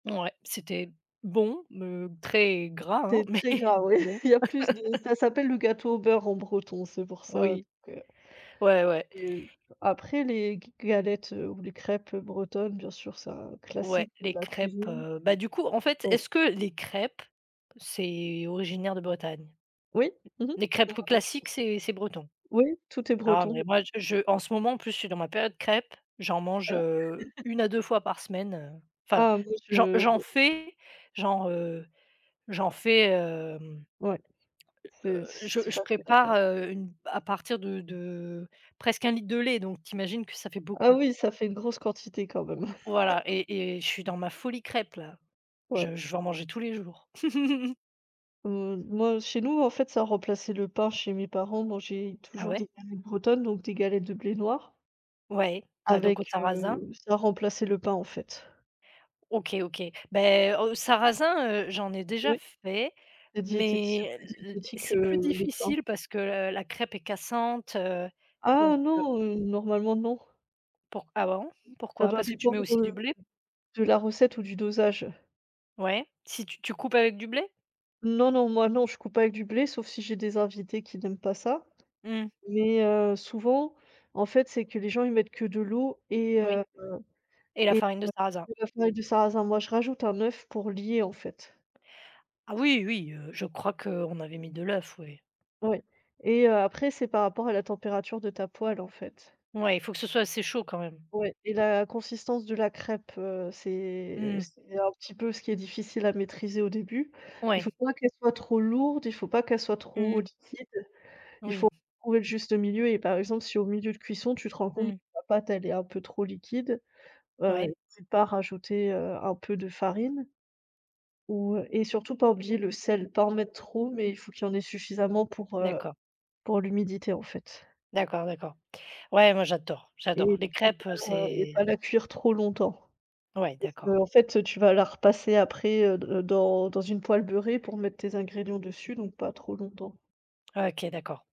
Ouais, c'était bon me très gras, hein, C'est mais très gras, ouais. bon. Il y a plus de ça s'appelle le gâteau au beurre en breton, c'est pour ça, Oui. donc heu, Ouais, ouais. c'est, heu après les g galettes ou les crêpes, heu, bretonnes, bien sûr, c'est un Ouais, classique de les la crêpes, cuisine. heu bah, du coup, en fait, Ouais. est-ce que les crêpes, c'est originaire de Bretagne? Oui, mmh mh, Les c'est la crêpes, heu, même classiques, chose. c'est c'est breton? Oui, tout est Ah, breton, je mais moi, je je en ce moment, en plus, je suis dans ma période crêpe. J'en mange, Voilà. heu, 1 à 2 fois par semaine, heu, enfin, Ah, moi, j'en je j'en fais, j'en, heu, j'en fais, hem, Ouais, c'est heu, je c'est je facile à faire. prépare, heu, une à partir de de presque 1 litre de lait, donc tu imagines que ça fait Ah beaucoup. oui, ça fait une grosse quantité quand même! Voilà et et je suis dans ma folie crêpe, là! Ouais. Je je veux en manger tous les jours. Heu, moi chez nous, en fait, ça remplaçait le pain chez mes parents, on mangeait Ah toujours ouais? des galettes bretonnes, donc des galettes de blé noir Ouais, ah, donc au avec, sarrasin? heu, ça remplaçait le pain, en fait. OK, OK, ben, heu, sarrasin, heu, j'en ai déjà Oui. fait C'est diététi c'est mais plus l diététique que c'est plus le pain. difficile parce que la crêpe est cassante, heu, Ah donc heu non, heu, normalement, non! Pour ah bon? Ça Pourquoi? doit Parce que tu mets dépendre, aussi heu, du blé? de la recette ou du dosage. Ouais, si tu tu coupes avec du blé? Non, non, moi, non, je coupe pas avec du blé, sauf si j'ai des invités qui n'aiment pas ça Mmh. mais heu, souvent, en fait, c'est que les gens, ils mettent que de l'eau et Oui heu et la et farine de heu, sarrasin? de la farine de sarrasin. Moi, je rajoute un œuf pour lier, en fait. Ah oui, oui, heu, je crois qu'on avait mis de l'œuf, oui! Ouais et heu, après c'est par rapport à la température de ta poêle, en fait. Ouais, il faut que ce soit assez chaud quand même. Ouais et la consistance de la crêpe, heu, c'est Mmh mh. c'est un petit peu ce qui est difficile à maîtriser, au début. Il faut Ouais. pas qu'elle soit trop lourde, il faut pas qu'elle soit Mmh trop mh. liquide, il faut Oui. trouver le juste milieu et par exemple, si au milieu de cuisson, tu te rends compte que Mmh. la pâte, elle est un peu trop liquide, heu, Ouais. n'hésite pas à rajouter, heu, un peu de farine ou heu et surtout pas oublier le sel, pas en mettre trop mais il faut qu'il y en ait suffisamment pour, heu, D'accord. pour l'humidité, en fait. D'accord, d'accord. Ouais, moi, j'adore, j'adore, Et les et crêpes, heu, pas la et pas c'est la cuire trop longtemps Ouais, parce qu'en d'accord. fait, tu vas la repasser après, heu, d dans dans une poêle beurrée pour mettre tes ingrédients dessus, donc pas trop longtemps. OK, d'accord.